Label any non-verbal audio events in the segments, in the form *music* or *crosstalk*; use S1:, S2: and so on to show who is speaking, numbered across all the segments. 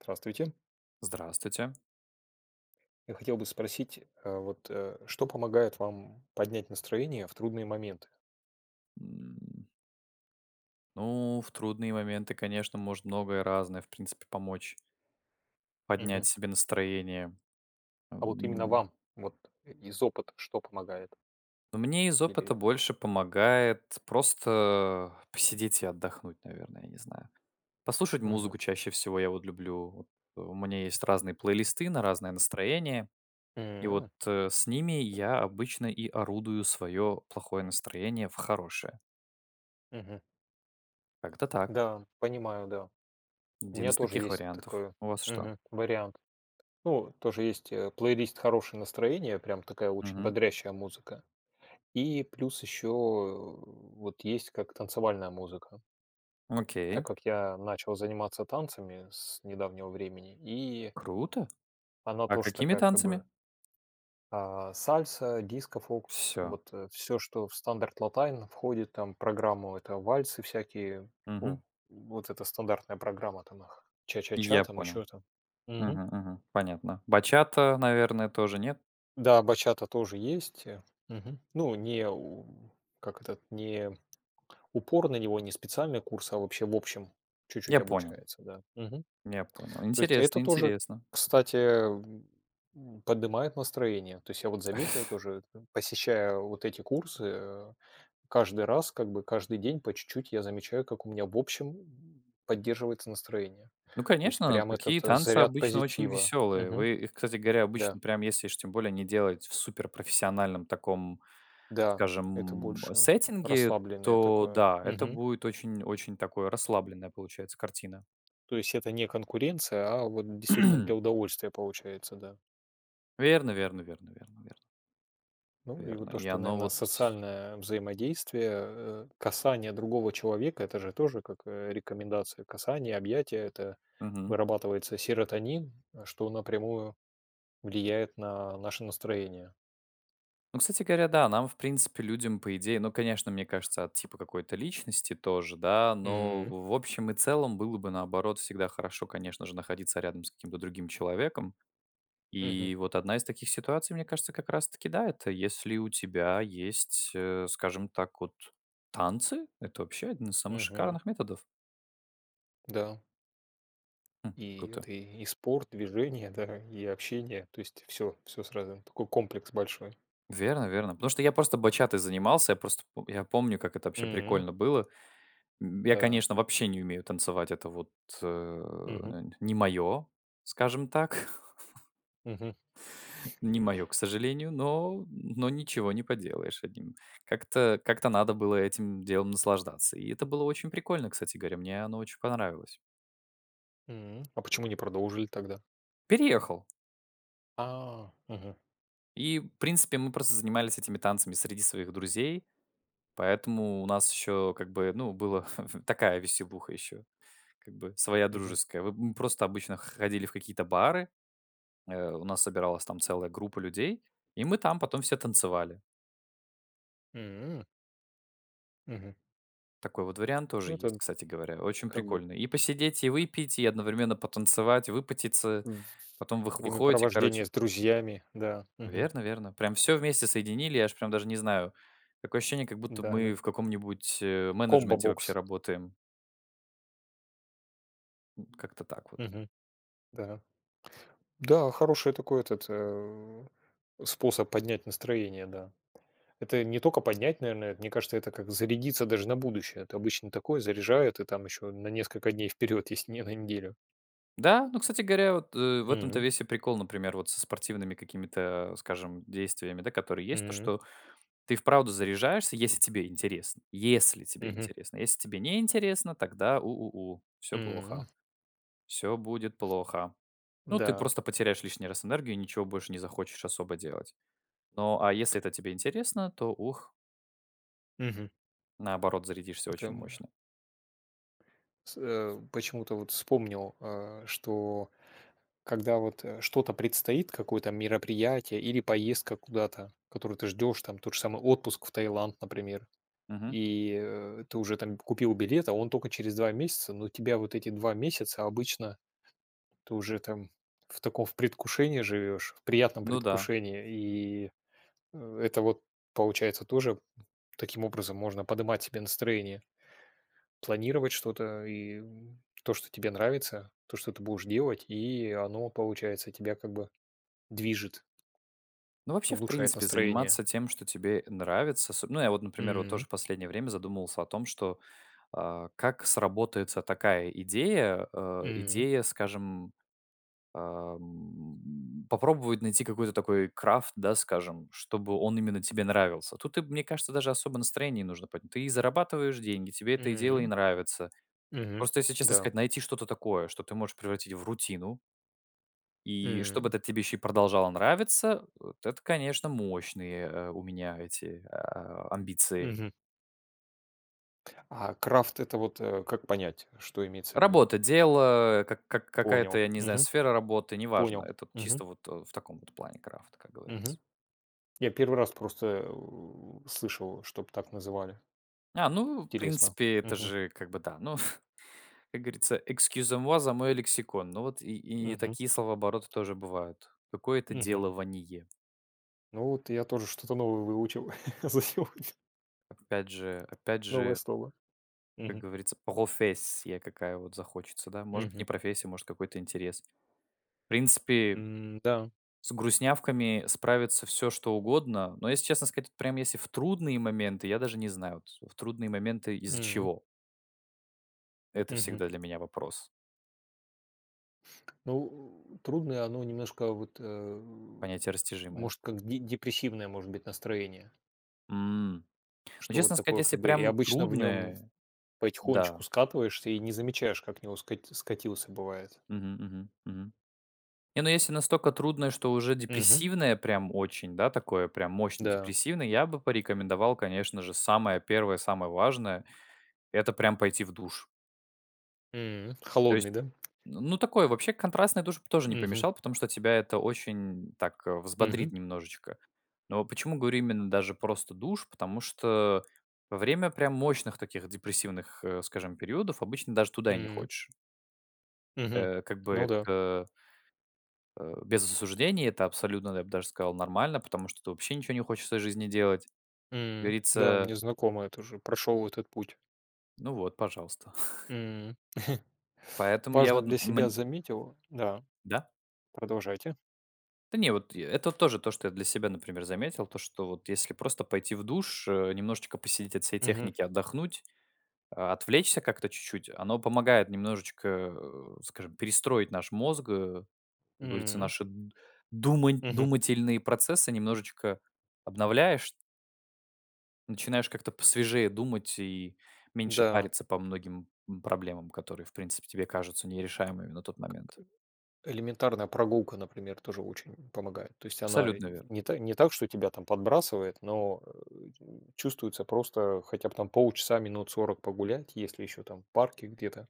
S1: Здравствуйте.
S2: Здравствуйте.
S1: Я хотел бы спросить, а вот, а что помогает вам поднять настроение в трудные моменты?
S2: М. Ну, в трудные моменты, конечно, может многое разное, в принципе, помочь
S1: Мгм.
S2: поднять себе настроение.
S1: А вот именно
S2: Ам.
S1: вам, вот, и из опыта что помогает?
S2: Ну, мне из опыта
S1: Или
S2: больше помогает просто, э, посидеть и отдохнуть, наверное, я не знаю. Послушать
S1: Мгм.
S2: музыку чаще всего я вот люблю. Вот у меня есть разные плейлисты на разное настроение. И вот,
S1: М-м.
S2: э, с ними я обычно и орудую своё плохое настроение в хорошее.
S1: Мгм.
S2: Как-то так. *chuckles*
S1: Да, понимаю, да. У
S2: 1
S1: меня
S2: из
S1: тоже
S2: таких
S1: есть
S2: вариантов.
S1: такой,
S2: У вас что?
S1: мгм, вариант. Ну, тоже есть, э, плейлист "Хорошее настроение", прям такая очень
S2: Мгм.
S1: бодрящая музыка. И плюс ещё, э, вот есть как танцевальная музыка. Так
S2: Окей.
S1: как я начал заниматься танцами с недавнего времени, и
S2: Круто.
S1: Она
S2: А
S1: тоже
S2: какими
S1: такая, как
S2: танцами?
S1: бы А, сальса, дискофокус,
S2: Всё.
S1: вот, э, всё, что в стандарт латайн входит там в программу,- это вальсы всякие,
S2: Мгм.
S1: ну, вот эта стандартная программа, танах, ча-ча-ча
S2: Я
S1: там,
S2: понял.
S1: ещё там. Мгм.
S2: Мгм, мгм. Понятно. Бачата, наверное, тоже, нет?
S1: Да, бачата тоже есть, э. Мгм. Ну, не у как этот не упор на него, не специальный курс, а вообще, в общем, чуть-чуть
S2: Я понял.
S1: обучается, да. Мгм.
S2: Я понял.
S1: То есть и
S2: Интересно,
S1: это тоже,
S2: интересно.
S1: кстати, эм, м, поднимает настроение. То есть я вот заметил, тоже это, посещая вот эти курсы, э, каждый раз, как бы, каждый день по чуть-чуть я замечаю, как у меня, в общем, м, поддерживается настроение.
S2: Ну,
S1: То есть
S2: конечно,
S1: прям этот
S2: такие танцы
S1: заряд
S2: обычно очень
S1: позитива.
S2: весёлые.
S1: Мгм.
S2: Вы их, кстати говоря,
S1: Да.
S2: обычно, прям если уж тем более не делать в суперпрофессиональном таком,
S1: Да, это
S2: скажем, м,
S1: больше
S2: сеттинге,
S1: расслабленное
S2: то
S1: такое.
S2: да, это
S1: Мгм.
S2: будет очень-очень такое, расслабленная получается картина.
S1: То есть это не конкуренция, а вот действительно для
S2: *clears throat*
S1: удовольствия получается, да.
S2: Верно, верно, верно, верно, верно.
S1: Ну, и
S2: Верно,
S1: вот то,
S2: и
S1: что,
S2: оно
S1: наверно,
S2: вот с
S1: социальное взаимодействие, э, касание другого человека- это же тоже как, э, рекомендация касания, объятия. Это
S2: Мгм.
S1: вырабатывается серотонин, э, что напрямую влияет на наше настроение.
S2: Ну, кстати говоря, да, нам, в принципе, людям, по идее, ну, конечно, мне кажется, от типа какой-то личности тоже, да, но,
S1: М.
S2: в общем и целом, было бы, наоборот, всегда хорошо, конечно же, находиться рядом с каким-то другим человеком.
S1: Мгм.
S2: И вот одна из таких ситуаций, мне кажется, как раз-таки, да, это если у тебя есть, э, скажем так, вот танцы- это вообще один из самых
S1: Мгм.
S2: шикарных методов.
S1: Да.
S2: М,
S1: И
S2: круто.
S1: это и спорт, движение, да и общение. То есть всё. Всё сразу. Такой комплекс большой.
S2: Верно-верно. Потому что я просто батчатой занимался, я просто пом я помню, как это вообще
S1: М.
S2: прикольно было. М, я,
S1: Да.
S2: конечно, вообще не умею танцевать, это вот, э,
S1: Мгм.
S2: нь не моё, скажем так. *chuckles*
S1: Мгм.
S2: Не моё, к сожалению, но но ничего не поделаешь, один. Как-то как-то надо было этим делом наслаждаться. И это было очень прикольно, кстати горя, мне оно очень понравилось.
S1: М, а почему не продолжили тогда?
S2: Переехал.
S1: А, мгм.
S2: И, в принципе, мы просто занимались этими танцами среди своих друзей, поэтому у нас еще, как бы, ну, была *chuckles* такая веселуха еще, как бы, своя
S1: Мгм.
S2: дружеская. Вы м, мы просто обычно ходили в какие-то бары, э, у нас собиралась там целая группа людей, и мы там потом все танцевали.
S1: М. Мгм.
S2: Такой вот вариант тоже
S1: Ну,
S2: есть,
S1: это,
S2: кстати говоря, очень
S1: как бы.
S2: прикольный: и посидеть, и выпить, и одновременно потанцевать, выпотеться.
S1: В
S2: Потом вы выходите,
S1: времяпровождение
S2: короче.
S1: с друзьями. Да. Мгм.
S2: Верно-верно, прям всё вместе соединили, я аж прям даже не знаю. Такое ощущение, как будто
S1: Да-да.
S2: мы в каком-нибудь, э, менеджменте вообще
S1: Комбо-бокс.
S2: работаем. М, как-то так вот.
S1: Мгм. Да, да, хороший такой этот, э, способ поднять настроение, да. Это не только поднять, наверное, это, мне кажется, это как зарядиться даже на будущее. Это обычно такое заряжает, и там еще на несколько дней вперед, если не на неделю.
S2: Да, ну, кстати говоря, вот, э, в этом-то
S1: М.
S2: весь и прикол, например, вот со спортивными какими-то, а, скажем, действиями, да, которые есть, то,
S1: М.
S2: что ты и вправду заряжаешься, если тебе интересно, если тебе
S1: Мгм.
S2: интересно. Если тебе не интересно, тогда у у у, всё плохо.
S1: М.
S2: Всё будет плохо. Ну, ты
S1: Да.
S2: просто потеряешь лишний раз энергию, ничего больше не захочешь особо делать. Но, а если это тебе интересно, то ух.
S1: Мгм.
S2: Наоборот, зарядишься
S1: Это,
S2: очень
S1: м, на
S2: мощно.
S1: С э, почему-то вот вспомнил, а, что когда вот, э, что-то предстоит, какое-то мероприятие или поездка куда-то, которую ты ждешь, там, тот же самый отпуск в Таиланд, например.
S2: Мгм.
S1: И, э, ты уже там к купил билет, а он только через 2 месяца, но тебя вот эти 2 месяца обычно ты уже там, в таком, в предвкушении живешь, в приятном
S2: Ну да.
S1: предвкушении. И, э, это вот получается тоже, м, таким образом можно подымать себе настроение. Планировать что-то и, м, то, что тебе нравится, то, что ты будешь делать, и оно получается, тебя как бы движет.
S2: Ну, вообще, в
S1: Улучшает
S2: принципе,
S1: настроение.
S2: заниматься тем, что тебе нравится. Особ ну, я вот, например, вот тоже
S1: М.
S2: в последнее время задумывался о том, что, а как сработается такая идея, э,
S1: М.
S2: идея, скажем, а, м, попробовать найти какой-то такой крафт, да, скажем, чтобы он именно тебе нравился. Тут и б мне кажется, даже особо настроение не нужно поднь Ты и зарабатываешь деньги, тебе это и дело, и
S1: М.
S2: нравится.
S1: Мгм.
S2: Просто, если честно
S1: Да.
S2: сказать, найти что-то такое, что ты можешь превратить в рутину. И чтобы
S1: М.
S2: этот тебе еще и продолжало нравиться, вот это, конечно, мощные, э, у меня эти, а, амбиции.
S1: Мгм. А крафт- это вот, э, как понять, что имеется в виду?
S2: Работа, дело, как как какая-то,
S1: Понял.
S2: я не знаю,
S1: Мгм.
S2: сфера работы, неважно,
S1: Понял.
S2: это вот
S1: Мгм.
S2: чисто вот, э, в таком вот плане крафта, как говорится.
S1: Мгм. Я первый раз просто, эу, слышал, чтобы так называли.
S2: А, ну,
S1: Интересно.
S2: принципе, это
S1: Мгм.
S2: же, как бы, да. Ну, *chuckles* ф как говорится, excusez-moi за мой лексикон. Ну вот, и и не
S1: Мгм.
S2: такие словообороты тоже бывают- какое-то
S1: Мгм.
S2: делование.
S1: Ну, вот я тоже что-то новое выучил *chuckles* за сегодня.
S2: Опять же, опять
S1: Новое
S2: же.
S1: слово.
S2: Как
S1: Мгм.
S2: говорится, профессия какая вот захочется, да. Может быть, не
S1: Мгм.
S2: профессия, может, какой-то интерес. В принципе
S1: М-да.
S2: с грустнявками справится всё что угодно. Но, если честно сказать, прям, если в трудные моменты, я даже не знаю, вот, в трудные моменты из-за
S1: М.
S2: чего? Это
S1: Мгм.
S2: всегда для меня вопрос.
S1: Ну, э, трудное оно немножко, вот, э,
S2: Понятие растяжимое.
S1: может, как де депрессивное, может быть, настроение.
S2: М, ну,
S1: Что вот
S2: честно сказать,
S1: такое,
S2: если
S1: как бы, и
S2: прям
S1: обычно в нём
S2: трудное, да.
S1: потихонечку скатываешься и не замечаешь, как в него скати скатился, бывает.
S2: Мгм. Мгм. Мгм. Не, ну, если настолько трудное, что уже
S1: Мгм.
S2: депрессивное прям очень, да, такое прям мощно
S1: Да.
S2: депрессивное, я бы порекомендовал, конечно же, самое первое, самое важное- это прям пойти в душ.
S1: М,
S2: То есть,
S1: холодный, да?
S2: ну, ну, такое вообще, контрастный душ тоже не
S1: Мгм.
S2: помешал, потому что тебя это очень, м, так взбодрит
S1: Мгм.
S2: немножечко. Но почему говорю именно даже просто душ? Потому что во время прям мощных таких депрессивных, э, скажем, периодов обычно даже туда и не
S1: М.
S2: хочешь.
S1: Мгм.
S2: Э, как бы
S1: Ну да.
S2: это. Э, без осуждения, это абсолютно, я б даже сказал, нормально, потому что это вообще ничего не хочется из жизни делать, как
S1: М, да,
S2: говорится.
S1: мне знакомо, я тоже прошёл этот путь.
S2: Ну вот, пожалуйста. *chuckles*
S1: М, *chuckles*
S2: Поэтому я
S1: важно
S2: вот нап
S1: для
S2: мне.
S1: себя заметил да.
S2: Да?
S1: Продолжайте.
S2: Да не, вот, э, это тоже то, что я для себя, например, заметил. То, что вот если просто пойти в душ, э, немножечко посидеть, от всей
S1: Мгм.
S2: техники отдохнуть, а, отвлечься как-то чуть-чуть, оно помогает немножечко, э, скажем, перестроить наш мозг. Как говорится,
S1: М-м.
S2: наши д думань
S1: Мгм.
S2: думательные процессы немножечко обновляешь начинаешь как-то посвежее думать и меньше
S1: Да.
S2: париться по многим м проблемам, которые, в принципе, тебе кажутся нерешаемыми на тот момент.
S1: Элементарная прогулка, например, тоже очень, м, помогает. То есть она и
S2: Абсолютно верно.
S1: не та не так, что тебя подбрасывает, но, э, чувствуется просто хотя бы там полчаса, минут 40 погулять, если еще там, в парке где-то.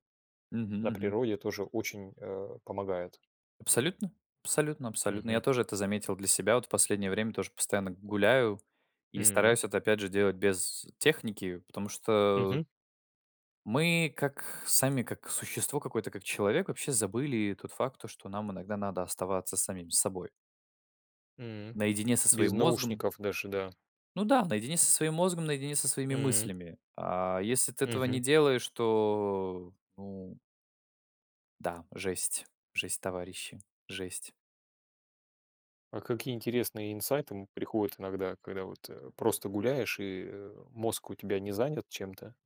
S2: Мгм.
S1: На
S2: Мгм.
S1: природе тоже очень, э, помогает.
S2: Абсолютно. Абсолютно. Абсолютно. Я
S1: Мгм.
S2: тоже это заметил для себя, вот. В последнее время тоже постоянно гуляю и
S1: М.
S2: стараюсь это, опять же, делать без техники, потому что у
S1: Мгм.
S2: Мы, как сами, как существо какое-то, как человек, вообще забыли тот факт, то, что нам иногда надо оставаться самими собой.
S1: М,
S2: Наедине со
S1: без
S2: своим мозгом.
S1: наушников даже, да.
S2: Ну да, наедине со своим мозгом, наедине со своими
S1: М.
S2: мыслями. А если ты этого не
S1: Мгм.
S2: делаешь, то, ну Да, жесть жесть, товарищи. Жесть.
S1: А какие интересные инсайты, м, приходят иногда, когда вот, э, просто гуляешь и, э, мозг у тебя не занят чем-то?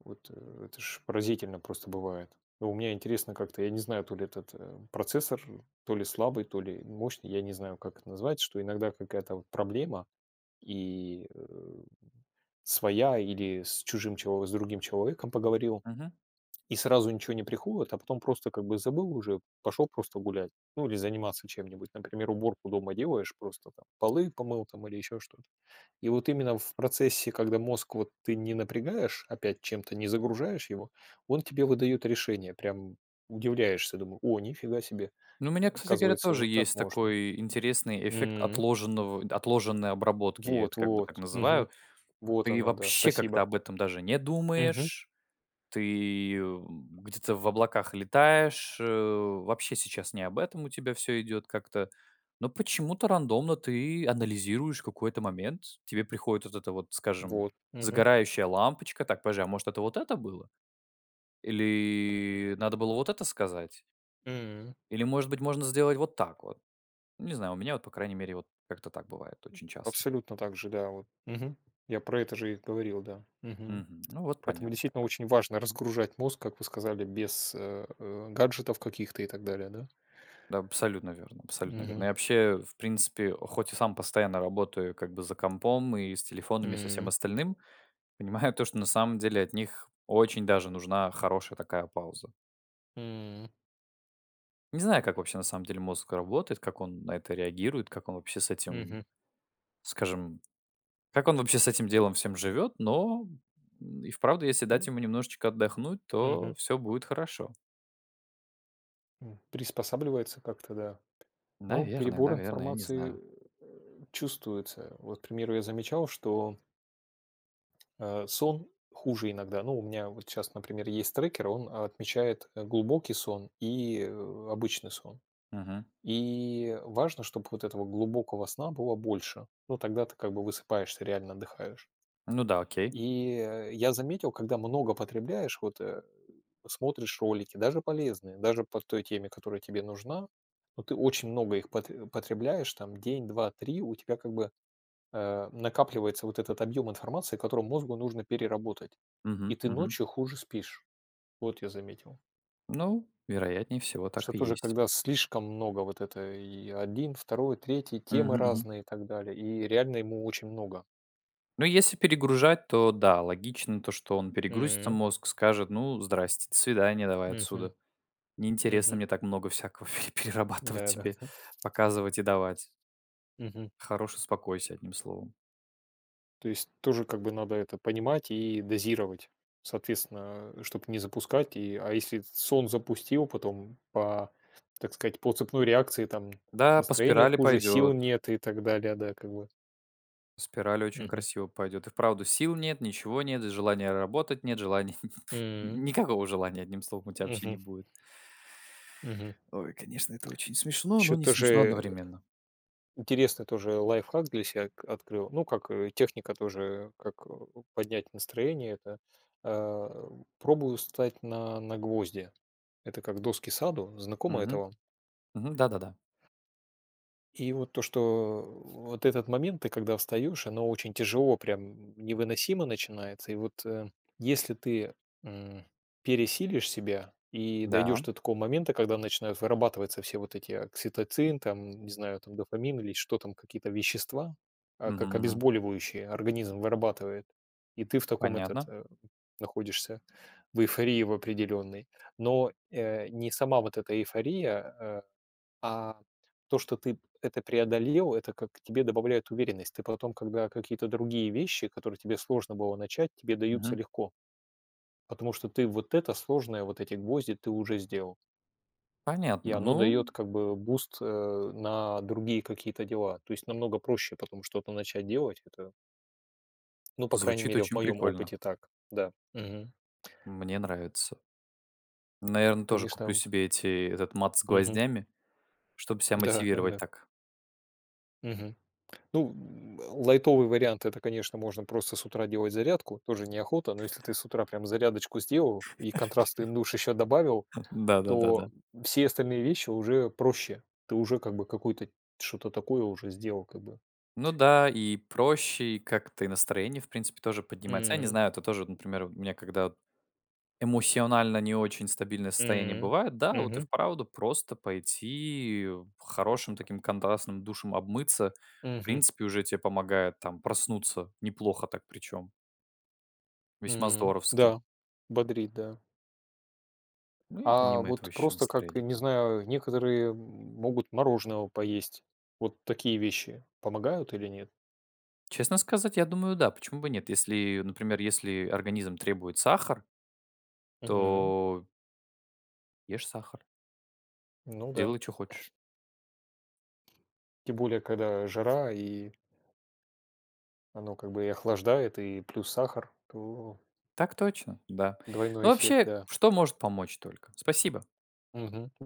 S1: Вот, э, это ж поразительно просто бывает. А у меня интересно как-то, я не знаю, то ли этот, эм, процессор, то ли слабый, то ли мощный, я не знаю, как это называется, что иногда какая-то вот проблема и, э, своя, или с чужим чело с другим человеком поговорил,
S2: Мгм.
S1: и сразу ничего не приходит, а потом просто как бы забыл уже, пошел просто гулять, ну, или заниматься чем-нибудь. Например, уборку дома делаешь, просто там полы помыл там или еще что-то. И вот именно в процессе, когда мозг вот ты не напрягаешь опять чем-то, не загружаешь его, он тебе выдает решение. Прям удивляешься, думаю: "О, ни фига себе.
S2: Ну, у меня, кстати говоря,
S1: Оказывается,
S2: тоже
S1: вот так
S2: есть
S1: можно."
S2: такой интересный эффект
S1: М.
S2: отложенного отложенной обработки. Я это как бы так
S1: Вот-вот.
S2: называю.
S1: Мгм. Вот
S2: Ты и
S1: оно, да,
S2: вообще как-то
S1: спасибо.
S2: об этом даже не
S1: Мгм.
S2: думаешь, ты её, м, где-то в облаках летаешь. Э, вообще сейчас не об этом у тебя всё идёт как-то. Но почему-то рандомно ты анализируешь какой-то момент. Тебе приходит вот эта вот, скажем,
S1: Вот. Мгм.
S2: загорающая лампочка: "Так, подожди, а может, это вот это было? Или надо было вот это сказать?"
S1: М.
S2: Или, может быть, можно сделать вот так вот? Не знаю, у меня вот, по крайней мере, вот как-то так бывает очень часто.
S1: Абсолютно так же, да, вот. Мгм. Я про это же и говорил, да. Мгм.
S2: Мгм. Ну, вот
S1: Поэтому
S2: понятно.
S1: действительно
S2: Да.
S1: очень важно разгружать мозг, как вы сказали, без э, э, гаджетов каких-то и так далее, да?
S2: Да, абсолютно верно абсолютно верно.
S1: Мгм.
S2: Я вообще, в принципе, а хоть и сам постоянно работаю как бы за компом и с телефонами, и со всем
S1: М.
S2: остальным, понимаю то, что на самом деле от них очень даже нужна хорошая такая пауза.
S1: М.
S2: Не знаю как вообще на самом деле мозг работает как он на это реагирует как он вообще с этим м
S1: Мгм.
S2: скажем как он вообще с этим делом всем живет. Но м и вправду, если дать
S1: Ну.
S2: ему немножечко отдохнуть,
S1: Мгм.
S2: то всё будет хорошо.
S1: М приспосабливается как-то да. Ну
S2: Наверное,
S1: перебор
S2: наверное, я не
S1: информации э
S2: знаю.
S1: э чувствуется. Вот, к примеру, я замечал, что. А сон хуже иногда. Ну, у меня вот сейчас, например, есть трекер, он отмечает а глубокий сон и э обычный сон.
S2: Мгм.
S1: И важно, чтобы вот этого глубокого сна было больше. Ну тогда ты как бы высыпаешься, реально отдыхаешь.
S2: Ну да, окей.
S1: И э я заметил, когда много потребляешь, вот э смотришь ролики, даже полезные, даже по той теме, которая тебе нужна. Но ты очень много их потре потребляешь. Там день, 2, 3 у тебя как бы э накапливается вот этот объем информации, который мозгу нужно переработать. И
S2: Мгм.
S1: ты
S2: Мгм.
S1: ночью хуже спишь. Вот я заметил.
S2: Ну. Вероятнее всего
S1: Что
S2: так и
S1: тоже
S2: есть.
S1: когда слишком много вот этой и один, второй, третий,
S2: Мгм.
S1: темы
S2: Мгм.
S1: разные и так далее, и реально ему очень много.
S2: Ну, если перегружать, то да, логично то, что он перегрузится
S1: М.
S2: мозг, скажет: ну, здрасте, до свидания давай
S1: Мгм.
S2: отсюда. Не интересно
S1: Мгм.
S2: мне так много всякого и перерабатывать тебе.
S1: Да-да-да.
S2: Показывать и давать.
S1: Мгм.
S2: Хорош успокойся одним словом.
S1: То есть тоже как бы надо это понимать и дозировать. Соответственно, а чтобы не запускать. И, а если этот сон запустил, потом по так сказать, по цепной реакции там
S2: Да, по
S1: настроение
S2: спирали
S1: хуже, сил
S2: пойдёт.
S1: нет и так далее, да, как бы, вот.
S2: Спирали очень
S1: Мгм.
S2: красиво пойдёт. И вправду, сил нет, ничего нет, и желания работать нет, желания, *chuckles* н
S1: М.
S2: никакого желания, одним словом, у тебя вообще не
S1: Мгм.
S2: будет.
S1: Мгм.
S2: *inhales* Ой, конечно, это очень смешно, но
S1: Ещё
S2: не
S1: тоже,
S2: смешно
S1: э
S2: одновременно.
S1: Интересный тоже лайфхак для себя к открыл. Ну, как, э, техника тоже, как, э, у поднять настроение. Да. А, у, пробую встать на на гвозди. Это как доски саду. Знакомо это
S2: Мгм.
S1: вам?
S2: Мгм. Да-да-да.
S1: И вот то, что вот этот момент, ты, когда встаешь, оно очень тяжело, прям, м, невыносимо начинается. И вот, э, если ты, м, пересилишь себя и
S2: Да.
S1: дойдешь до такого момента, когда начинают вырабатываться все вот эти окситоцин, там, не знаю, там, дофамин или что там, какие-то вещества, а как
S2: Мгм.
S1: обезболивающее организм вырабатывает. И ты в таком, этот,
S2: Понятно.
S1: э, м, находишься в эйфории в определенной. Но, э, не сама вот эта эйфория, э, а то, что ты это преодолел, это как тебе добавляет уверенность. Ты потом, когда какие-то другие вещи, которые тебе сложно было начать, тебе даются
S2: Мгм.
S1: легко. Потому что ты вот это сложное, вот эти гвозди ты уже сделал. И
S2: Понятно,
S1: оно дает,
S2: ну
S1: как бы, э, буст, э, на другие какие-то дела. То есть намного проще потом что-то начать делать. Это Ну, по крайней
S2: Звучит
S1: мере, в
S2: очень
S1: моём
S2: прикольно.
S1: опыте так, да, мгм.
S2: Мне нравится. Наверно, тоже
S1: Конечно,
S2: куплю
S1: м
S2: себе эти этот мат с
S1: Мгм.
S2: гвоздями, чтобы себя мотивировать
S1: Да-да-да.
S2: так.
S1: Мгм. Ну, м, лайтовый вариант- это, конечно, можно просто с утра делать зарядку. Тоже неохота, но если ты
S2: *chuckles*
S1: с утра прям зарядочку сделал и контрастный душ еще добавил,
S2: *laughs* Да, да, да, да.
S1: то, м, все остальные вещи уже проще. Ты уже как бы какую-то, что-то такое уже сделал как бы.
S2: Ну да, и проще, и как-то, и настроение, в принципе, тоже поднимается. А я не
S1: М.
S2: знаю, это тоже, вот, например, у меня, когда вот эмоционально не очень стабильное состояние
S1: М,
S2: бывает, да, вот и
S1: мгм.
S2: вправду просто пойти, э, хорошим таким контрастным душем обмыться, в
S1: Мгм.
S2: принципе, уже тебе помогает там проснуться неплохо так, причём. Весьма
S1: М,
S2: здоровски.
S1: да, бодрит, да.
S2: Ну и
S1: А
S2: помимо этого,
S1: вот
S2: ещё
S1: просто как, и
S2: настроение
S1: не знаю, э, некоторые, м, могут мороженого поесть. Вот такие вещи помогают или нет?
S2: Честно сказать, я думаю, да. Почему бы нет? Если, например, если организм требует сахар.
S1: Мгм.
S2: То Ешь сахар?
S1: Ну да.
S2: Делай чё хочешь.
S1: Тем более, когда жара и Оно как бы и охлаждает, и плюс сахар, то
S2: Так точно, да. Ну,
S1: Двойной эффект,
S2: вообще,
S1: да.
S2: что может помочь только. Спасибо!
S1: Мгм.